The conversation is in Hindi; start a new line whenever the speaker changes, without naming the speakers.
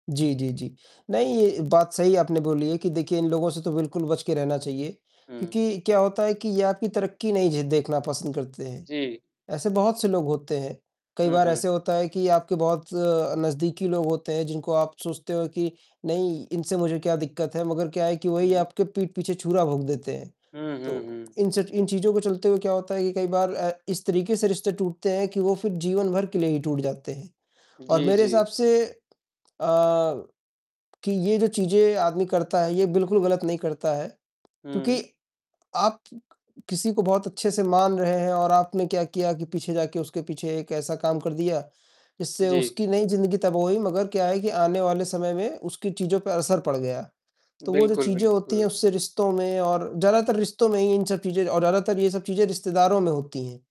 जी, जी, जी। नहीं, ये बात सही आपने बोली है कि देखिए इन लोगों से तो बिल्कुल बच के रहना चाहिए।
हुँ।
क्योंकि क्या होता है कि ये आपकी तरक़्क़ी नहीं झे देखना पसंद करते हैं।
जी।
ऐसे बहुत से लोग होते हैं, कई
हुँ,
बार
हुँ।
ऐसे होता है कि आपके बहुत नज़दीकी लोग होते हैं जिनको आप सोचते हो कि नहीं इनसे मुझे क्या दिक़्क़त है, मगर क्या है कि वही
हुँ।
आपके पीठ पीछे छुरा भोंक देते हैं।
हुँ, हुँ,
तो
हुँ।
इनसे इन चीज़ों के चलते क्या होता है कि कई बार ए, इस तरीक़े से रिश्ते टूटते हैं कि वो फ़िर जीवन भर के लिए ही टूट जाते हैं। और
जी,
मेरे हिसाब
जी।
से अ, कि ये जो चीज़ें आदमी करता है ये बिल्कुल ग़लत नहीं करता है, क्योंकि
हुँ।
आप क किसी को बहुत अच्छे से मान रहे हैं और आपने क्या किया कि पीछे जाकर उसके पीछे एक ऐसा काम कर दिया, जिससे
जी।
उसकी नहीं ज़िंदगी तबाह हुई मगर क्या है कि आने वाले समय में उसकी चीज़ों पर असर पड़ गया। तो वो जो
बिल्कुल,
चीज़ें होती हैं
बिल्कुल।
उससे रिश्तों में और ज्यादातर रिश्तों में ही इन सब चीजें और ज्यादातर ये सब चीजें रिश्तेदारों में होती हैं।